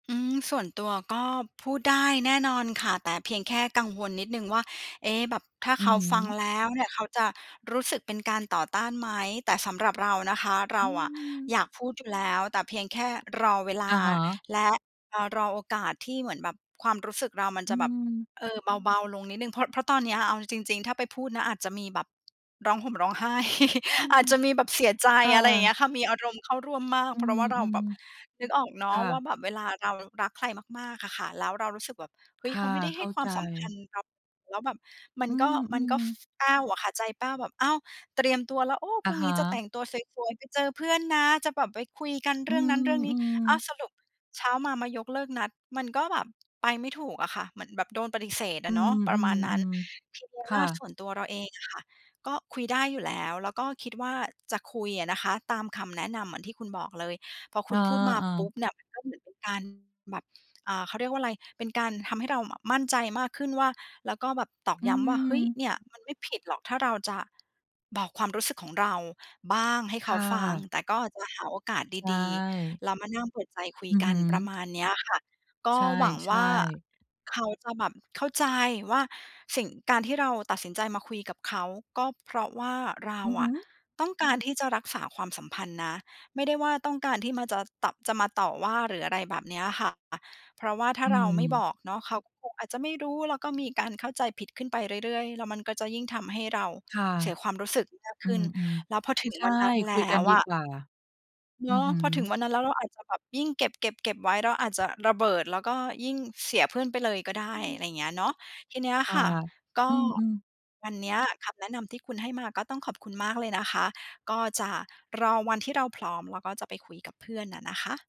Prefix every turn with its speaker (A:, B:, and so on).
A: อืม ส่วนตัวก็พูดได้แน่นอนค่ะ แต่เพียงแค่กังวลนิดหนึ่งว่า เอ๊ะ แบบถ้า
B: อื
A: เข
B: อ
A: า
B: ฮ
A: ฟัง
B: ึ
A: แล้วเนี่ย เขาจะรู้สึกเป็นการต่อต้านไหม? แต่สำหรับเรานะคะ เร
B: อื
A: าอะ
B: ม
A: อยากพูดอยู่แล้ว แต่เพียงแค่รอเวล
B: อ
A: า
B: ะฮะ
A: และ อา รอโอกาสที่เหมือนแบบความรู้สึกเรามัน
B: อ
A: จ
B: ื
A: ะแบบ
B: ม
A: เออ เบา ๆ ลงนิดหนึ่ง เพราะ เพราะตอนเนี้ย อา เอาจริง ๆ ถ้าไปพูดนะ อาจจะมีแบบร้องห่มร้องไห้
B: อื
A: อ
B: ม
A: าจจะมีแบบเสียใจ
B: อ
A: อะไรอย่างเงี้
B: า
A: ยค่ะ มีอารมณ์เข้าร่วมมาก
B: อื
A: เพราะว่าเราแบ
B: ม
A: บ นึกออกเน
B: ๆ ค
A: าะ
B: ่
A: ว่า
B: ะ
A: แบบเวลาเรารักใครมาก ๆ อะค่ะ แล้วเรารู้สึกแบบ เฮ้
B: ค
A: ย เ
B: ่
A: ขา
B: ะ
A: ไม่ได้
B: เข
A: ให้
B: ้า
A: คว
B: ใ
A: า
B: จ
A: มสำคัญเรา แล้วแบบมั
B: อื
A: นก็ มันก
B: ม
A: ็ ฟ
B: ๆ
A: แป้วอะค่ะ ใจแป้วแบบ อ้าว เตรียมตัวแล้ว โอ้
B: อ
A: พ
B: ะ
A: รุ่ง
B: ฮ
A: นี้จะแต
B: ะ
A: ่งตัวสวย ๆ ไปเจอเพื่อนนะ จะแบบไปคุยกัน
B: อ
A: เ
B: ื
A: รื่องนั้นเรื่องนี้ อ้าว
B: ม ๆ
A: สรุปเช้ามา มายกเลิกนัด มันก็แบบไปไม่ถูกอะค่ะ เหมือนแบบโดนปฏิเสธอ
B: อ
A: ะ
B: ื
A: เนาะ ประมาณนั้น
B: อ ๆ
A: ทีเนี้ย
B: ๆ ค
A: ว
B: ่
A: ่าส
B: ะ
A: ่วนตัวเราเองอะค่ะ ก็คุยได้อยู่แล้ว แล้วก็คิดว่าจะคุยอะนะคะ ตามคำแนะนำเหมือนที่คุณบอกเลย พอ
B: เ
A: ค
B: ออ
A: ุณพูดมาปุ๊
B: ๆ
A: บเนี่ย มันก็เหมือนเป็นการ แบบ เอ่อ เขาเรียกว่าอะไร เป็นการทำให้เราอะ มั่นใจมากขึ้นว่า แล้วก็แบบตอก
B: อื
A: ย้ำว่า เฮ้ย
B: ม
A: เนี่ยมันไม่ผิดหรอก ถ้าเราจะ บอกความรู้สึกของเราบ้าง ให้เ
B: ค
A: ขา
B: ่
A: ฟัง
B: ะ
A: แต่ก็จะหาโอกาส
B: ใช
A: ดี
B: ่
A: ๆ แล้วมานั่งเปิดใจคุ
B: อ
A: ย
B: ือ
A: ก
B: ฮ
A: ั
B: ึ
A: น ประมาณเนี้ยค่ะ ก
B: ใ
A: ็
B: ช
A: หวังว่
B: ่
A: า
B: ๆ
A: เขาจะแบบเข้าใจว่าสิ่ง การที่เราตัดสินใจมาคุยกับเขา ก็เพราะว่าเรา
B: อือฮ
A: อะ
B: ึ
A: ต้องการที่จะรักษาความสัมพันธ์นะ ไม่ได้ว่า ต้องการที่มาจะตัด จะมาต่อว่า หรืออะไรแบบเนี้ยค่ะ เพราะว่าถ้
B: อ
A: า
B: ื
A: เราไม่บ
B: ม
A: อกเนาะ เขาก็คงอาจจะไม่รู้ แล้วก็มีการเข้าใจผิดขึ้นไปเรื่อย ๆ แล้วมันก็จะยิ่งทำให้เรา
B: ค่ะ
A: เสียความรู้สึกมาก
B: อื
A: ขึ้น
B: ม
A: แล้วพอถึ
B: ๆ
A: ง
B: ใช่
A: วันนั้นแ
B: ค
A: ล
B: ุย
A: ้
B: กัน
A: ว
B: ดี
A: อะ
B: กว่า
A: เ
B: อื
A: นาะ
B: อฮ
A: พอถึง
B: ึ
A: วันนั้นแล้ว เราอาจจะแบบยิ่งเก็บ ๆ ๆ ไว้ เราอาจจะระเบิด แล้วก็ยิ่งเสียเพื่อนไปเลยก็ได้
B: อ อื
A: อะไ
B: อ
A: รอย่างเงี้ยเนาะ ทีเนี้ย
B: ค่
A: ค
B: ะ
A: ่ะ ก็
B: อืม ๆ
A: วันเนี้ยคำแนะนำที่คุณให้มา ก็ต้องขอบคุณมากเลยนะคะ ก็จะรอวันที่เราพร้อม แล้วก็จะไปคุยกับเพื่อนน่ะนะคะ